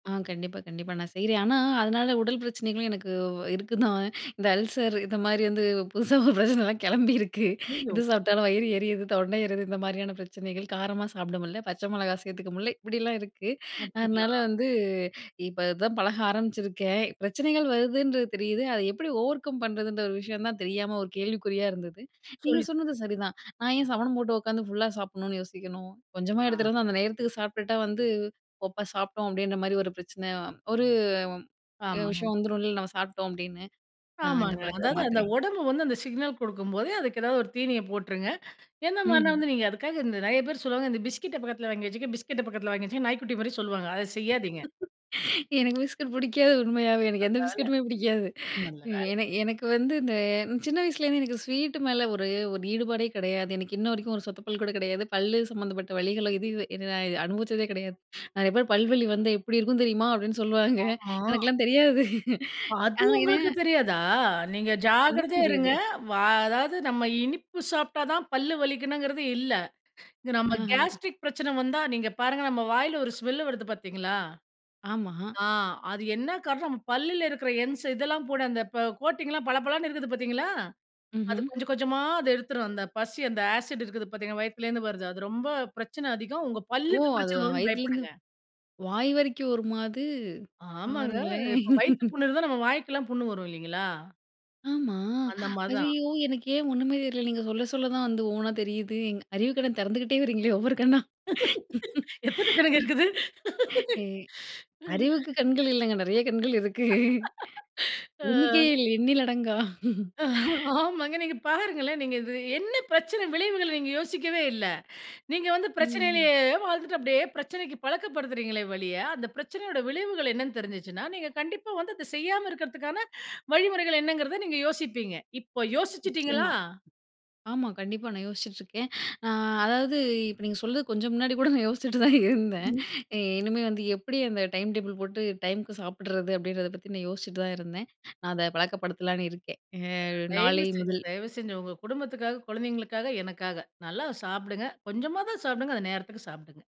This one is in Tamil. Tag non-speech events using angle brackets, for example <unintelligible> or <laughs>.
ஆ கண்டிப்பா கண்டிப்பா, நான் செய்றேன். ஆனா, அதனால உடல் பிரச்சனைகளும் எனக்கு இருக்குதான், இந்த அல்சர் இந்த மாரி வந்து புதுசா ஒரு பிரச்சனைலாம் கிளம்பியிருக்கு. அய்யய்யோ! இது சாப்பிட்டாலும் வயிறு எரியுது, தொண்டை எரிது, இந்த மாதிரியான பிரச்சனைகள் காரமா சாப்பட முடில, பச்சை மிளகா சேர்த்துக்க முடியல இப்டியெல்லாம் இருக்கு. அதனால அப்டிங்களா. வந்து இப்ப அதான் பழக ஆரம்பிச்சிருக்கேன். பிரச்சனைகள் வருதுன்றது தெரியுது, அதை எப்டி ஓவர்கம் பண்றதுன்ற ஒரு விஷயம் தான் தெரியாம ஒரு கேள்விக்குறியா இருந்தது. நீங்க சொல்லி சொன்னது <unintelligible> சரிதான். நான் ஏன் சமணம் போட்டு உட்காந்து ஃபுல்லா சாப்பிடணுன்னு யோசிக்கணும், கொஞ்சமா ஆ. எடுத்துட்டு வந்து அந்த நேரத்துக்கு சாப்பிட்டுட்டா வந்து ஒப்ப சாப்டோம் அப்டின்ற மாரி ஒரு பிரச்சனை ஒரு ஆமாங்க. விஷயம் வந்துடும் இல்ல நம்ம சாப்பிட்டோம் அப்டின்னு. நான் இந்த ஆமாங்க, பழக்கத்தை அதாவது அந்த மாத்துறேன். உடம்பு வந்து அந்த சிக்னல் குடுக்கும்போதே, அதுக்கு ஏதாவது ஒரு தீனிய போட்டுருங்க. எந்த மாரினா ம்ஹ்ம். வந்து நீங்க அதுக்காக இந்த நெறைய பேர் சொல்லுவாங்க "இந்த பிஸ்கட்ட பக்கத்தில வாங்கி வச்சுக்கங்க பிஸ்கட்ட பக்கத்தில வாங்கி வச்சுக்கங்க" நாய்க்குட்டி மாரி சொல்லுவாங்க, அதை செய்யாதீங்க. <laughs> எனக்கு பிஸ்கட் பிடிக்காது உண்மையாவே, எனக்கு எந்த நல்ல வேல பிஸ்கட்டுமே பிடிக்காது. நல்ல வேல. ஏன்னா எனக்கு வந்து இந்த சின்ன வயசுலேருந்து எனக்கு ஸ்வீட்டு மேல ஒரு ஒரு ஈடுபாடே கிடையாது. எனக்கு இன்ன வரைக்கும் ஒரு சொத்த பல் கூட கிடையாது. பல்லு சம்மந்தப்பட்ட வலிகளும் இது இது என்ன நான் அனுபவிச்சதே கிடையாது. அதுக்கு அப்புறம் "பல்வலி வந்தா எப்டி இருக்கும் தெரியுமா" அப்டின்னு சொல்லுவாங்க. ஆமா. எனக்கெல்லாம் தெரியாது. அது உங்களுக்கு <unintelligible> தெரியாதா? நீங்க கண்டிப்பா ஜாக்கிரதையா தெரியுது. இருங்க. வா அதாவது நம்ம இனிப்பு சாப்பிட்டா தான் பல்லு வலிக்கணுங்குறது இல்ல. நம்ம ஆஹ. கேஸ்ட்ரிக் பிரச்சனை வந்தா, நீங்க பாருங்க நம்ம வாயில ஒரு ஸ்மெல்லு வருது பார்த்தீங்களா? ஆமா. ஆ அது என்ன காரணம் நம்ம பல்லுல இருக்குற என்ஸ் இதெல்லாம் போட அந்த ப கோட்டிங்லாம் பளபளன்னு இருக்குது பார்த்தீங்களா, அது ம்ஹ்ம். கொஞ்சம் கொஞ்சமா அத எடுத்துரும், அந்த பசி அந்த ஆசிட் இருக்குது பார்த்தீங்களா வயித்துலேருந்து வருது. அது ரொம்ப பிரச்சனை அதிகம், உங்க ஓ, பல்லுக்கு அது பிரச்சனை வரும்னு வயித்துலேருந்து, பயப்படுங்க. வாய் வரைக்கும் வருமா அது ஆமாங்க. பாருங்களேன்! இப்ப வயித்து <laughs> புண் இருந்தா, நம்ம வாய்க்கெல்லாம் புண் வரும் இல்லைங்களா? ஆமா, அந்த மாரி தான். ஐயயோ எனக்கு ஏன் ஒண்ணுமே தெரியல! நீங்க சொல்ல சொல்ல தான் வந்து ஒவ்வொண்ணா தெரியுது. எங் அறிவு கண்ண திறந்துகிட்டே வரீங்களே ஒவ்வொரு கண்ணா. <laughs> எத்தனை கணக்கு இருக்குது. <laughs> ஏ, அறிவுக்கு கண்கள் இல்லங்க நெறைய கண்கள் இருக்கு. அ. எண்ணிக்கையே இல்ல எண்ணிலடங்கா. ஆமாங்க. நீங்க பாருங்களேன். நீங்க இது என்ன பிரச்சன விளைவுகள் நீங்க யோசிக்கவே இல்ல. நீங்க வந்து ம். பிரச்சனையிலேயே வாழ்ந்துட்டு அப்டியே பிரச்சனைக்கு பழக்கப்படுத்துகிறீங்களே ஒழிய! அந்த பிரச்சனையோட விளைவுகள் என்னனு தெரிஞ்சுச்சுன்னா, நீங்க கண்டிப்பா வந்து அத செய்யாம இருக்கதற்கான வழிமுறைகள் என்னங்கறத நீங்க யோசிப்பீங்க. இப்போ யோசிச்சுட்டீங்களா? நிச்சியமா. ஆமா கண்டிப்பா, நான் யோசிச்சுட்ருக்கேன். ஆ அதாவது, இப்ப நீங்க சொல்றது கொஞ்சம் முன்னாடி கூட நான் யோசிச்சிட்டு தான் இருந்தேன். இனிமே வந்து எப்டி அந்த டைம் டேபிள் போட்டு டைமுக்கு சாப்பிடறது அப்டின்றத பத்தி நான் யோசிச்சிட்டு தான் இருந்தேன். நான் அத பழக்கப்படுத்தலாம்னு இருக்கேன், ஆ தயவு நாளை செஞ்சு முதல். தயவு செஞ்சு. உங்க குடும்பத்துக்காக, குழந்தைங்களுக்காக, எனக்காக! நல்லா சாப்பிடுங்க, கொஞ்சமா தான் சாப்பிடுங்க அத நேரத்துக்கு சாப்பிடுங்க.